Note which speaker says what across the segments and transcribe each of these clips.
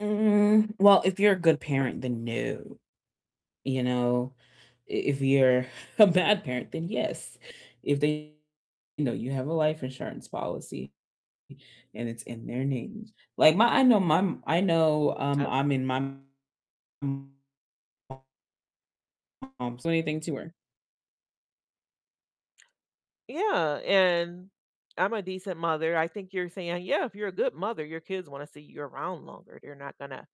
Speaker 1: Mm, well, if you're a good parent, then, no, you know? I if you're a bad parent, then yes. If they you know, you have a life insurance policy, and it's in their names, like my I know my m I know, um,
Speaker 2: I
Speaker 1: I mean, my [unintelligible] Um, so anything to her.
Speaker 2: Yeah, and I'm a decent mother. I think you're saying, "Yeah, if you're a good mother, your kids wanna see you around longer," they're not gonna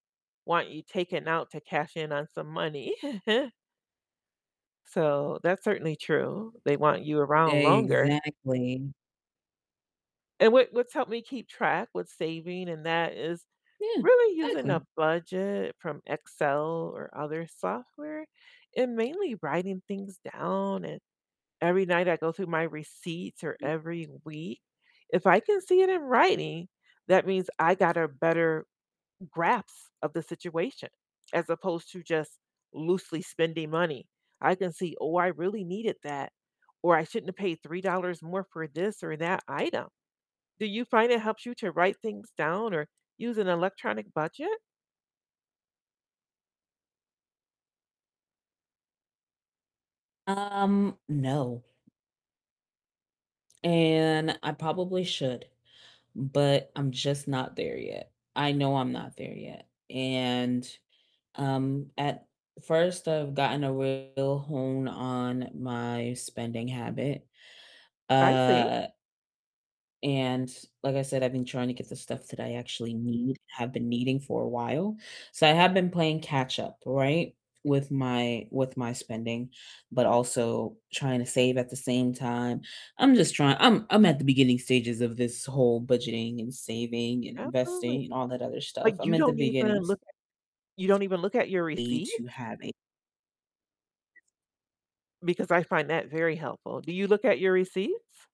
Speaker 2: want you taking out to cash in on some money. So that's certainly true, they want you around longer.
Speaker 1: Exactly.
Speaker 2: And what what's helped me keep track with saving and that is
Speaker 1: Yeah,
Speaker 2: really using
Speaker 1: exactly.
Speaker 2: a budget from Excel or other software, and mainly writing things down, and every night I go through my receipts or
Speaker 1: M
Speaker 2: every week. If I can see it in writing, that means I got a better grasp of the situation as opposed to just loosely spending money. I can see, "Oh, I really needed that," or, "I shouldn't have paid $3 more for this or that item." Do you find it helps you to write things down or use an electronic budget?
Speaker 1: Um, no. And I probably should, but I'm just not there yet. I know I'm not there yet, and, um, at first I've gotten a real hone on my spending habit.
Speaker 2: I see.
Speaker 1: Uh and like I said, I've been trying to get the stuff that I actually need, have been needing for a while, so I have been playing catch-up, right, with my with my spending, but also trying to save at the same time. I'm just trying I'm I'm at the beginning stages of this whole budgeting and saving and
Speaker 2: Absolutely.
Speaker 1: investing and all that other stuff.
Speaker 2: But
Speaker 1: I'm
Speaker 2: you
Speaker 1: at the
Speaker 2: don't even
Speaker 1: beginning
Speaker 2: look at you don't even look at your
Speaker 1: stage to
Speaker 2: receipts?
Speaker 1: have a
Speaker 2: Because I find that very helpful. Do you look at your receipts?